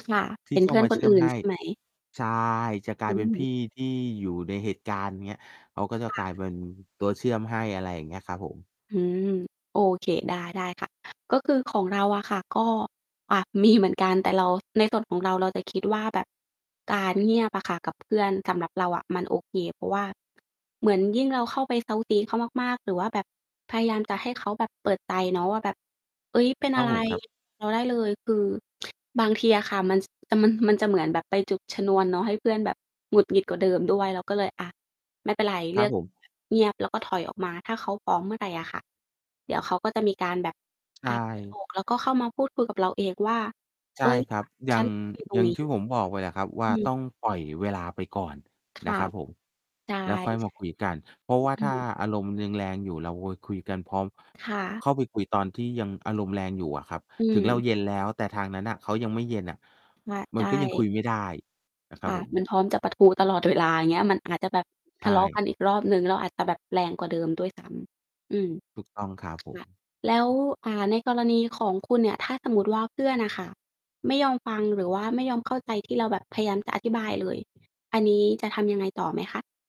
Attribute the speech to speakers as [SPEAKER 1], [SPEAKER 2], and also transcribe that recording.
[SPEAKER 1] ค่ะ
[SPEAKER 2] ที
[SPEAKER 1] เ
[SPEAKER 2] ่
[SPEAKER 1] ห็น
[SPEAKER 2] เข
[SPEAKER 1] เ
[SPEAKER 2] ้
[SPEAKER 1] พ
[SPEAKER 2] า
[SPEAKER 1] ื่อ
[SPEAKER 2] ม
[SPEAKER 1] น
[SPEAKER 2] า
[SPEAKER 1] ค
[SPEAKER 2] เช
[SPEAKER 1] น
[SPEAKER 2] ื่
[SPEAKER 1] อ
[SPEAKER 2] อม
[SPEAKER 1] ื่น
[SPEAKER 2] ให้
[SPEAKER 1] ใช่ ไหม?
[SPEAKER 2] ใช่ จะกล
[SPEAKER 1] อ
[SPEAKER 2] ายเป็นพ
[SPEAKER 1] ืม
[SPEAKER 2] ี่ที่อยู่ในเหตุการณ์เนี้ย เขาก็จะ
[SPEAKER 1] ค่
[SPEAKER 2] กลาย
[SPEAKER 1] ะ
[SPEAKER 2] เป็นตัวเชื่อมให้ อะไรอย่างเงี้ยครับผม
[SPEAKER 1] อืม โอเค ได้ ๆ ค่ะ ก็คือของเราอะค่ะ ก็ อะ มี เหมือนกัน แต่เรา ในส่วนของเรา เราจะคิดว่าแบบ การเงียบอะค่ะกับเพื่อน สำหรับเราอะมันโอเค เพราะว่า เหมือนยิ่งเราเข้าไปเซ้าซี้เขามาก ๆ หรือว่าแบบพยายามจะให้เขาแบบเปิดใจเนาะว่าแบบ เฮ้ย เป็น
[SPEAKER 2] ค
[SPEAKER 1] อ
[SPEAKER 2] รั
[SPEAKER 1] ะ
[SPEAKER 2] บ
[SPEAKER 1] ไร
[SPEAKER 2] ผม ครับ
[SPEAKER 1] เรา ได้เลย คือ บางทีอะค่ะ มัน ส แต่มัน มันจะเหมือนแบบไปจุดชนวนเนาะ ให้เพื่อนแบบหงุดหงิดกว่าเดิมด้วย เราก็เลย อะ ไม่เป็นไร เ
[SPEAKER 2] ค
[SPEAKER 1] ล
[SPEAKER 2] ร
[SPEAKER 1] ื
[SPEAKER 2] ับ
[SPEAKER 1] อก
[SPEAKER 2] ผม
[SPEAKER 1] เงียบแล้วก็ถอยออกมา ถ้าเขาพร้อมเมื่อไรอะค่ะ เดี๋ยวเขาก็จะมีการแบบ
[SPEAKER 2] ใช
[SPEAKER 1] อ
[SPEAKER 2] ่
[SPEAKER 1] า เปิดอก แล้วก็เข้ามาพูดคุยกับเราเองว่า
[SPEAKER 2] ใ
[SPEAKER 1] "เ
[SPEAKER 2] ช
[SPEAKER 1] ฮ
[SPEAKER 2] ่
[SPEAKER 1] ้ย"
[SPEAKER 2] ครั
[SPEAKER 1] ว่
[SPEAKER 2] บ
[SPEAKER 1] า
[SPEAKER 2] อย่
[SPEAKER 1] "ฉ
[SPEAKER 2] า
[SPEAKER 1] ัน
[SPEAKER 2] ง
[SPEAKER 1] อยู่ตร
[SPEAKER 2] อย
[SPEAKER 1] ง
[SPEAKER 2] ่าง
[SPEAKER 1] นี้!"
[SPEAKER 2] ที่ผมบอกไปอะครับว
[SPEAKER 1] อ
[SPEAKER 2] ่
[SPEAKER 1] ื
[SPEAKER 2] า
[SPEAKER 1] ม
[SPEAKER 2] ต้องปล่อยเวลาไปก่อน
[SPEAKER 1] ค
[SPEAKER 2] น
[SPEAKER 1] ่
[SPEAKER 2] ะ
[SPEAKER 1] ะ
[SPEAKER 2] ครับผม
[SPEAKER 1] ใช่
[SPEAKER 2] แล้วค่อยมา
[SPEAKER 1] ๆ
[SPEAKER 2] คุยกัน เพราะว่า
[SPEAKER 1] อื
[SPEAKER 2] ถ้า
[SPEAKER 1] ม
[SPEAKER 2] อารมณ์ยังแรงอยู่ เราโวยคุยกันพร้อม
[SPEAKER 1] ค่ะ
[SPEAKER 2] เข้าไปคุยตอนที่ยังอารมณ์แรงอยู่อะครับ
[SPEAKER 1] อ
[SPEAKER 2] ถึงเรา
[SPEAKER 1] ืม
[SPEAKER 2] เย็นแล้ว แต่ทางนั้นน่ะเขายังไม่เย็นน่ะ
[SPEAKER 1] มะ
[SPEAKER 2] ม
[SPEAKER 1] ไ
[SPEAKER 2] ั
[SPEAKER 1] ด
[SPEAKER 2] นก็ยังค
[SPEAKER 1] ้
[SPEAKER 2] ุยไม่ได้ นะคร
[SPEAKER 1] ค
[SPEAKER 2] ับ
[SPEAKER 1] ่ะ
[SPEAKER 2] ผ
[SPEAKER 1] มั
[SPEAKER 2] ม
[SPEAKER 1] นพร้อมจะปะทุตลอด เวลา อย่างเงี้ย มันอาจจะแบบ
[SPEAKER 2] ใช
[SPEAKER 1] ทะเลาะ
[SPEAKER 2] ่
[SPEAKER 1] กันอีกรอบหนึ่ง แล้วอาจจะแบบแรงกว่าเดิมด้วย ซ้ำ อืม
[SPEAKER 2] ถูกต้องครับผ
[SPEAKER 1] ค
[SPEAKER 2] ม
[SPEAKER 1] ่ะ แล้ว อ่า ในกรณีของคุณเนี่ย ถ้าสมมุติว่าเพื่อนน่ะค่ะไม่ยอมฟัง หรือว่าไม่ยอมเข้าใจที่เราแบบพยายามจะอธิบายเลย อันนี้จะทำยังไงต่อไหมคะ?